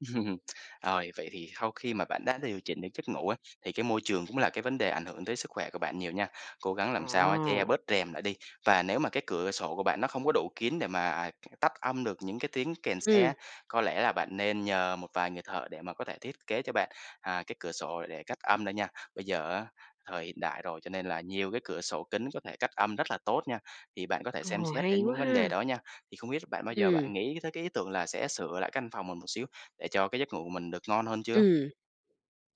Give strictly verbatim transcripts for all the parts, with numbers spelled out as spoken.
Rồi, vậy thì sau khi mà bạn đã điều chỉnh được giấc ngủ á, thì cái môi trường cũng là cái vấn đề ảnh hưởng tới sức khỏe của bạn nhiều nha. Cố gắng làm sao á che À! bớt rèm lại đi, và nếu mà cái cửa sổ của bạn, nó không có đủ kín để mà, à, tắt âm được những cái tiếng kèn xe Ừm. á, có lẽ là bạn nên nhờ một vài người thợ để mà có thể thiết kế cho bạn, à, cái cửa sổ để cách âm nữa nha. Bây giờ á, thời hiện đại rồi, cho nên là nhiều cái cửa sổ kín có thể cách âm rất là tốt nha, thì bạn có thể xem Ồ! xét Hay đến quá những vấn đề ha! đó nha. Thì không biết là bạn bao giờ Ừm. bạn nghĩ tới cái ý tưởng là sẽ sửa lại cái căn phòng mình một xíu, để cho cái giấc ngủ của mình được ngon hơn chưa? Ừm.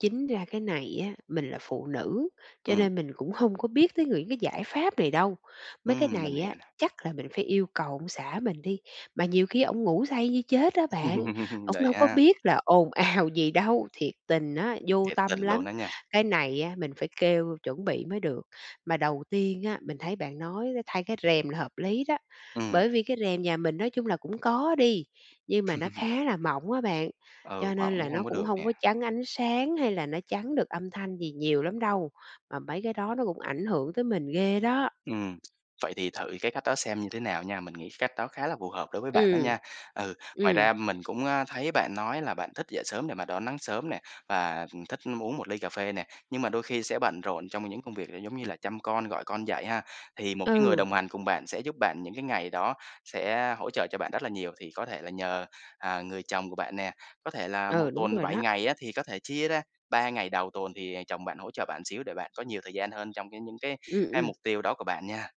Chính ra cái này á, mình là phụ nữ, cho Ừm. nên mình cũng hông có biết tới những cái giải pháp này đâu. Mấy cái Ừm! Mình này hiểu á, nè. chắc là mình phải yêu cầu ông xã mình đi, mà nhiều khi ổng ngủ say như chết á bạn, ổng Vậy đâu có ha? biết là ồn ào gì đâu. Thiệt tình á, vô Thiệt tình tâm luôn lắm. đó nha! Cái này á mình phải kêu chuẩn bị mới được. Mà đầu tiên á, mình thấy bạn nói, a, thay cái rèm là hợp lý đó. Ừm. Bởi vì cái rèm nhà mình nói chung là cũng có đi, nhưng mà nó khá là mỏng á bạn. Ừ, Cho hỏng nên cũng là hông nó có cũng được hông nè. có chắn ánh sáng hay là nó chắn được âm thanh gì nhiều lắm đâu, mà mấy cái đó nó cũng ảnh hưởng tới mình ghê đó! Ừm, vậy thì thử cái cách đó xem như thế nào nha. Mình nghĩ cái cách đó khá là phù hợp đối với bạn đó Ừm. nha. Ừ, ngoài Ừm. ra mình cũng, à, thấy bạn nói là bạn thích dậy sớm để mà đón nắng sớm nè, và thích uống một ly cà phê nè, nhưng mà đôi khi sẽ bận rộn trong những công việc, ờ, giống như là chăm con, gọi con dậy ha? Thì một cái người Ừ. đồng hành cùng bạn sẽ giúp bạn những cái ngày đó, sẽ hỗ trợ cho bạn rất là nhiều. Thì có thể là nhờ, à, người chồng của bạn nè, có thể là một Ừ, đúng tuần rồi bảy đó! ngày á, thì có thể chia ra ba ngày đầu tuần thì chồng bạn hỗ trợ bạn xíu để bạn có nhiều thời gian hơn trong cái những cái Ừm, cái ừm. mục tiêu đó của bạn nha.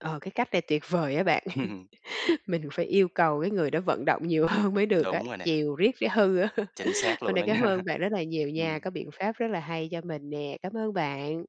Ờ, cái cách này tuyệt vời á bạn. Ừm, ừm. Mình phải yêu cầu cái người đó vận động nhiều hơn mới được á, Đúng rồi nè. chiều riết cái hư á. Chính xác Hôm luôn nay đó cám nha. ơn bạn rất là nhiều nha, Ừm. có biện pháp rất là hay cho mình nè. Cám ơn bạn!